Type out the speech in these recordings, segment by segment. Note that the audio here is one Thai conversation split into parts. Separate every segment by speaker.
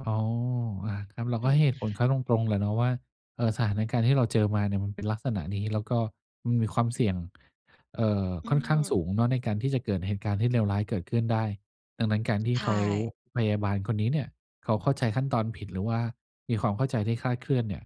Speaker 1: อ๋อ อ่า ครับ เรา
Speaker 2: อื
Speaker 1: ก็ให้
Speaker 2: ม
Speaker 1: เหตุผลเขาตรง ๆ แหละเนาะว่า เอ่อ สถานการณ์ที่เราเจอมาเนี่ยมันเป็นลักษณะนี้ แล้วก็มันมีความเสี่ยง เอ่อ
Speaker 2: อื
Speaker 1: ค่อนข้างส
Speaker 2: ม
Speaker 1: ูงเนาะในการที่จะเกิดเหตุการณ์ที่เลวร้ายเกิดขึ้นได้ ดังนั้น การที่
Speaker 2: ใช
Speaker 1: เขา
Speaker 2: ่
Speaker 1: พยาบาลคนนี้เนี่ยเขาเข้าใจขั้นตอนผิด หรือว่ามีความเข้าใจที่คลาดเคลื่อนเนี่ย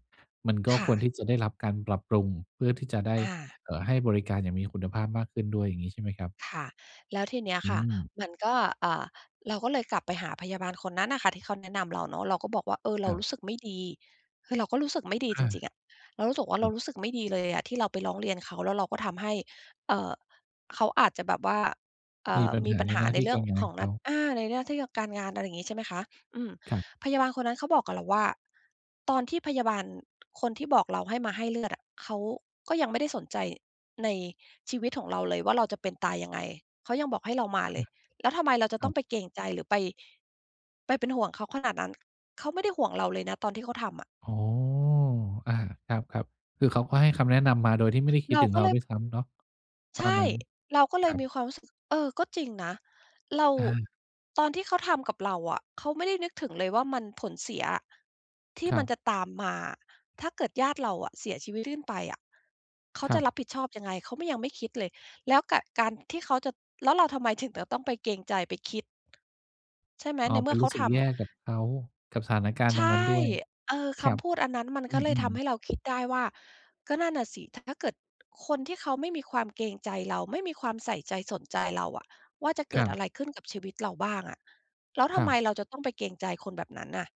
Speaker 1: มันก็
Speaker 2: ค่
Speaker 1: คว
Speaker 2: ะ
Speaker 1: รที่จะได้รับการปรับปรุง เพื่อที่จะได้
Speaker 2: อา
Speaker 1: เอ่อ ให้บริการอย่างมีคุณภาพมากขึ้นด้วย อย่างงี้ใช่ไหมครับ?
Speaker 2: ค่ะ แล้วทีเนี้ย
Speaker 1: อ
Speaker 2: ค่ะ
Speaker 1: ืม
Speaker 2: มันก็ อ่า เราก็เลยกลับไปหาพยาบาลคนนั้นอะค่ะ ที่เขาแนะนำเราเนาะ เราก็บอกว่า "เออ เร
Speaker 1: ค
Speaker 2: า
Speaker 1: รับ
Speaker 2: รู้สึกไม่ดี" คือเราก็รู้สึกไม่ดี
Speaker 1: อ
Speaker 2: จ
Speaker 1: า
Speaker 2: ริง ๆ อะ เรารู้สึกว่า
Speaker 1: ค
Speaker 2: เร
Speaker 1: รั
Speaker 2: า
Speaker 1: บ
Speaker 2: รู้สึกไม่ดีเลยอะที่เรา ไปร้องเรียนเขา แล้วเราก็ทำให้ เอ่อ เขาอาจจะแบบว่า เอ่
Speaker 1: มี
Speaker 2: อ
Speaker 1: ปัญ
Speaker 2: มี
Speaker 1: หา
Speaker 2: ปัญ
Speaker 1: ใน
Speaker 2: หา
Speaker 1: หน้า
Speaker 2: ใน
Speaker 1: ที่
Speaker 2: เรื่
Speaker 1: ก
Speaker 2: อ
Speaker 1: า
Speaker 2: ง
Speaker 1: รงา
Speaker 2: ข
Speaker 1: น
Speaker 2: อง
Speaker 1: เ
Speaker 2: น
Speaker 1: ข
Speaker 2: ัด
Speaker 1: า
Speaker 2: อ่า ในเรื่องที่กะ การงาน อะไรงี้ ใช่ไหมคะ อืม
Speaker 1: ครับ
Speaker 2: พยาบาลคนนั้นเขาบอกกับเราว่า "ตอนที่พยาบาลคนที่บอกเราให้มาให้เลือดอะ เขาก็ยังไม่ได้สนใจในชีวิตของเราเลยว่า เราจะเป็นตายยังไง เขายังบอกให้เรา มาเลย แล้วทำไมเราจะ
Speaker 1: ค
Speaker 2: ต
Speaker 1: รั
Speaker 2: ้อง
Speaker 1: บ
Speaker 2: ไปเกรงใจ หรือไป ไปเป็นห่วงเขาขนาดนั้น เขาไม่ได้ห่วงเราเลยนะตอนที่เขาทำอะ"
Speaker 1: อ๋อ อ่า ครับ ๆ คือเขาก็ให้คำแนะนำมาโดยที่ไม่ได้คิ
Speaker 2: เ
Speaker 1: ด
Speaker 2: รา
Speaker 1: ถึง
Speaker 2: ก็
Speaker 1: เร
Speaker 2: เ
Speaker 1: า
Speaker 2: ลย
Speaker 1: ด้วยซ้ำเนาะ ต
Speaker 2: ใช
Speaker 1: อน
Speaker 2: ่
Speaker 1: นั้น
Speaker 2: เราก็เล
Speaker 1: ค
Speaker 2: ย
Speaker 1: รั
Speaker 2: มี
Speaker 1: บ
Speaker 2: ความรู้สึก เออ ก็จริงนะ เรา
Speaker 1: อา
Speaker 2: ตอนที่เขาทำกับเราอะ เขาไม่ได้นึกถึงเลยว่า มัน ผลเสียอะ ที่
Speaker 1: คร
Speaker 2: มันจะ
Speaker 1: ับ
Speaker 2: ตามมาอะ ถ้าเกิดญาติเราอะเสียชีวิตลื่นไปอะ เขา
Speaker 1: ค
Speaker 2: จ
Speaker 1: ร
Speaker 2: ะ
Speaker 1: ั
Speaker 2: ร
Speaker 1: บ
Speaker 2: ับผิดชอบยังไง เขา ม ยังไม่คิดเลย แล้วกะ การที่เขาจะ แล้วเราทำไมถึงจะต้องไปเกรงใจ ไปคิด ใช่ไหม
Speaker 1: อ๋อ
Speaker 2: ในเ
Speaker 1: ไ
Speaker 2: ม
Speaker 1: ป
Speaker 2: ื่อ
Speaker 1: ร
Speaker 2: เข
Speaker 1: ู
Speaker 2: า
Speaker 1: ้สึ
Speaker 2: ท
Speaker 1: กแย
Speaker 2: ำ
Speaker 1: ่กับเขา กับสถานการณ
Speaker 2: ใ
Speaker 1: ์
Speaker 2: ช
Speaker 1: ตร
Speaker 2: ่
Speaker 1: งนั้นด้วย
Speaker 2: เออ
Speaker 1: ค
Speaker 2: ค
Speaker 1: รับ
Speaker 2: ำพูดอันนั้นมัน
Speaker 1: อ
Speaker 2: ก็เลย
Speaker 1: ื
Speaker 2: ท
Speaker 1: อ
Speaker 2: ำให
Speaker 1: ๆ
Speaker 2: ้เราคิดได้ว่า ก็นั่นน่ะสิ ถะ ถ้าเกิดคนที่เขาไม่มีความเกรงใจเรา ไม่มีความใส่ใจสนใจเราอะว่า จะเก
Speaker 1: ค
Speaker 2: ิ
Speaker 1: ร
Speaker 2: ด
Speaker 1: ั
Speaker 2: อะ
Speaker 1: บ
Speaker 2: ไรขึ้นกับชีวิตเราบ้างอะ แล้วท
Speaker 1: ค
Speaker 2: ำ
Speaker 1: รั
Speaker 2: ไม
Speaker 1: บ
Speaker 2: เราจะต้องไปเกรงใจคนแบบนั้นน่ะ